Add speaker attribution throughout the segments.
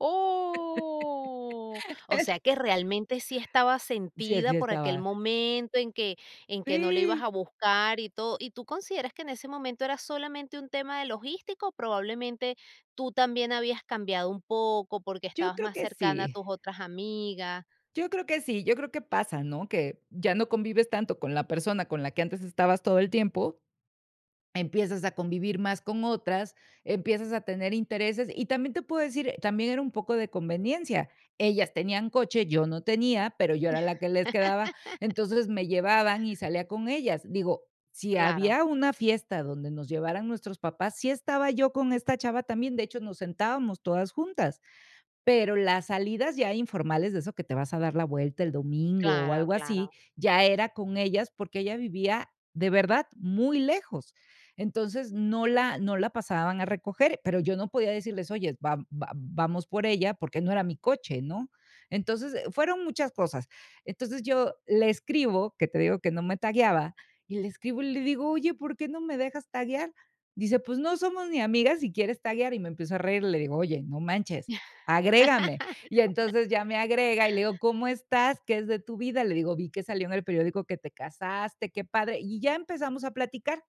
Speaker 1: Oh. O sea, que realmente sí estaba
Speaker 2: Sí,
Speaker 1: sentida
Speaker 2: así
Speaker 1: por aquel
Speaker 2: estaba.
Speaker 1: momento en que en que no la ibas a
Speaker 2: Sí.
Speaker 1: buscar y todo. ¿Y tú consideras que en ese momento era solamente un tema de logístico? Probablemente tú también habías cambiado un poco porque
Speaker 2: Yo
Speaker 1: estabas
Speaker 2: creo
Speaker 1: más
Speaker 2: que
Speaker 1: cercana a
Speaker 2: sí.
Speaker 1: tus otras amigas?
Speaker 2: Yo creo que sí, yo creo que pasa, ¿no?, que ya no convives tanto con la persona con la que antes estabas todo el tiempo. Empiezas a convivir más con otras, empiezas a tener intereses, y también te puedo decir, eh, también era un poco de conveniencia, ellas tenían coche, yo no tenía, pero yo era la que les quedaba, entonces me llevaban y salía con ellas. Digo, si
Speaker 1: Claro.
Speaker 2: había una fiesta donde nos llevaran nuestros papás, sí estaba yo con esta chava también, de hecho, nos sentábamos todas juntas. Pero las salidas ya informales, de eso que te vas a dar la vuelta el domingo o
Speaker 1: Claro
Speaker 2: algo así,
Speaker 1: claro.
Speaker 2: ya era con ellas, porque ella vivía, de verdad, muy lejos. Entonces, no la no la pasaban a recoger, pero yo no podía decirles: "Oye, va vam vamos por ella", porque no era mi coche, ¿no? Entonces, eh, fueron muchas cosas. Entonces, yo le escribo, que te digo que no me tagueaba, y le escribo y le digo: "Oye, ¿por qué no me dejas taguear?". Dice: "Pues no somos ni amigas, y quieres taguear". Y me empiezo a reír, le digo: "Oye, no manches, agrégame". Y entonces ya me agrega y le digo: "¿Cómo estás? ¿Qué es de tu vida?". Le digo: "Vi que salió en el periódico que te casaste, qué padre", y ya empezamos a platicar.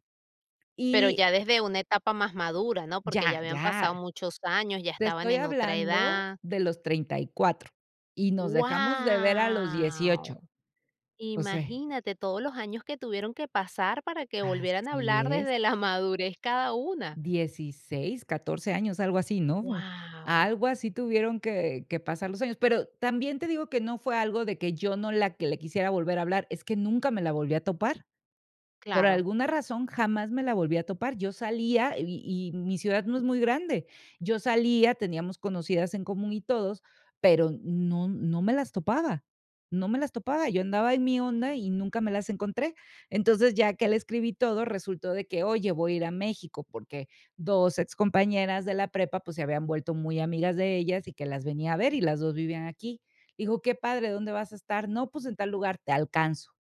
Speaker 1: Pero
Speaker 2: Y
Speaker 1: ya desde una etapa más madura, ¿no? Porque ya
Speaker 2: Ya
Speaker 1: habían
Speaker 2: ya.
Speaker 1: pasado muchos años, ya
Speaker 2: Te
Speaker 1: estaban
Speaker 2: estoy
Speaker 1: en otra
Speaker 2: hablando
Speaker 1: edad.
Speaker 2: de los 34 y nos dejamos de ver a los 18.
Speaker 1: Guau.
Speaker 2: O se
Speaker 1: Imagínate todos los años que tuvieron que pasar para que volvieran a
Speaker 2: Así
Speaker 1: hablar
Speaker 2: es.
Speaker 1: desde la madurez cada una.
Speaker 2: 16, 14 años, algo así, ¿no?
Speaker 1: Guau.
Speaker 2: Algo así tuvieron que que pasar los años, pero también te digo que no fue algo de que yo no la que le quisiera volver a hablar, es que nunca me la volví a topar. Por
Speaker 1: Claro.
Speaker 2: alguna razón jamás me la volví a topar, yo salía y y mi ciudad no es muy grande, yo salía, teníamos conocidas en común y todos, pero n no no me las topaba no me las topaba, yo andaba en mi onda y nunca me las encontré. Entonces, ya que le escribí todo, resultó de que oye, voy a ir a México, porque 2 ex compañeras de la prepa, pues, se habían vuelto muy amigas de ellas y que las venía a ver, y las 2 vivían aquí. Digo: "Qué padre, ¿dónde vas a estar?". "No, pues, en tal lugar". "Te alcanzo".